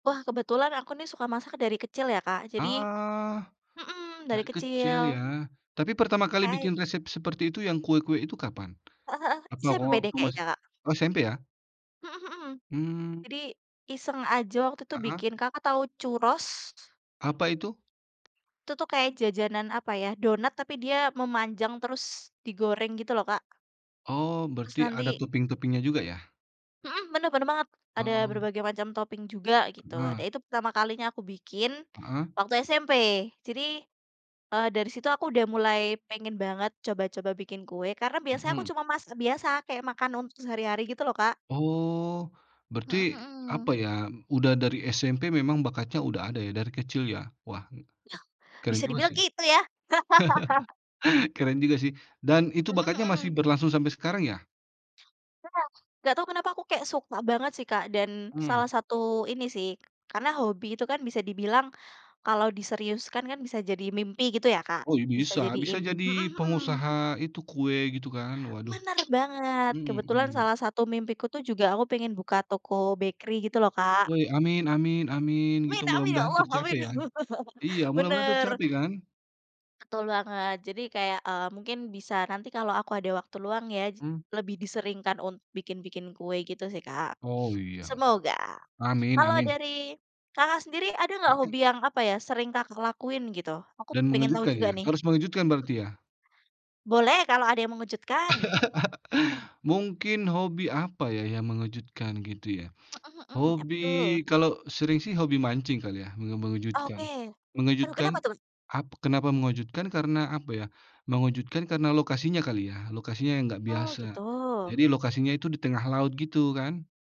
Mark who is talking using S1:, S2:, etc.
S1: Wah, kebetulan aku, nih, suka masak dari kecil, ya, Kak. Jadi
S2: Ah,
S1: mhm, dari
S2: dari kecil, ya.
S1: kecil.
S2: Tapi pertama kali
S1: Hai.
S2: bikin resep seperti itu yang kue-kue itu kapan?
S1: Heeh heeh.
S2: Atau
S1: SMP, deh,
S2: waktu masih
S1: keknya, Kak.
S2: oh, SMP, ya.
S1: Mhm mhm.
S2: Mmm.
S1: Jadi iseng aja waktu itu
S2: Heeh.
S1: bikin. Kakak tahu churros?
S2: Apa itu?
S1: Itu, tuh, kayak jajanan apa, ya, donat tapi dia memanjang terus digoreng, gitu, loh, Kak.
S2: Oh,
S1: Terus
S2: berarti ada
S1: nanti.
S2: topping-topping-nya juga, ya?
S1: Mhm, benar benar banget, ada
S2: Oh.
S1: berbagai macam topping juga, gitu.
S2: Heeh.
S1: Nah, itu pertama kalinya aku bikin
S2: Heeh.
S1: waktu SMP. Jadi, eee, dari situ aku udah mulai pengen banget coba-coba bikin kue karena biasanya aku
S2: Mhm.
S1: cuma masak biasa, kayak makan untuk sehari-hari, gitu loh, Kak.
S2: Oh.
S1: Mhm
S2: Berarti, apa,
S1: mhm.
S2: ya, udah dari SMP memang bakatnya udah ada, ya, dari kecil, ya? Wah,
S1: Iya,
S2: keren
S1: bisa
S2: juga,
S1: dibilang
S2: sih.
S1: gitu, ya.
S2: Keren juga, sih. Dan itu
S1: Mmm,
S2: bakatnya masih
S1: mhm.
S2: berlangsung sampai sekarang, ya?
S1: Ya. Nggak tau kenapa aku kayak suka banget, sih, Kak, dan salah
S2: Mmm.
S1: satu ini, sih, k karena hobi itu, kan, bisa dibilang kalau diseriuskan, kan, bisa jadi mimpi, gitu, ya, Kak.
S2: Oh, ya,
S1: Bisa
S2: bisa.
S1: jadi
S2: Bisa
S1: im mhm
S2: jadi
S1: mhm.
S2: pengusaha itu kue, gitu, kan. Waduh.
S1: Benar banget.
S2: Mmm
S1: Kebetulan
S2: mmm.
S1: salah satu mimpiku, tuh, juga aku pengen buka toko bakery, gitu, loh, Kak.
S2: Woi, amin amin amin, gitu,
S1: Amin amin, ya
S2: mudah-mudahan
S1: Allah,
S2: tercapai,
S1: amin.
S2: ya. Iya, mudah-mudahan
S1: Benar.
S2: tercapai, kan.
S1: Betul banget. Jadi kayak, eee, mungkin bisa nanti kalau aku ada waktu luang, ya, j
S2: Mmm.
S1: lebih diseringkan un bikin-bikin kue, gitu, sih, Kak.
S2: Oh, iya.
S1: Semoga.
S2: Amin
S1: Kalau
S2: amin.
S1: dari Kakak sendiri ada nggak
S2: Heeh.
S1: hobi yang apa, ya, sering Kakak lakuin, gitu? Aku
S2: Dan
S1: pengen tau
S2: mengejutkan,
S1: juga,
S2: ya?
S1: nih.
S2: Harus mengejutkan
S1: Mmm.
S2: berarti, ya?
S1: Boleh, kalau ada yang mengejutkan.
S2: Mungkin hobi apa, ya, yang mengejutkan, gitu, ya?
S1: Mhm mhm, apa,
S2: Hobi
S1: tuh?
S2: kalau sering, sih, hobi mancing kali, ya, menge
S1: Oke.
S2: mengejutkan.
S1: Perlu kenapa,
S2: Mengejutkan
S1: tuh?
S2: ap kenapa mengejutkan? Karena apa, ya? Mengejutkan karena lokasinya kali, ya. Lokasinya yang nggak
S1: Oh,
S2: biasa.
S1: gitu.
S2: Jadi lokasinya itu di tengah laut gitu, kan.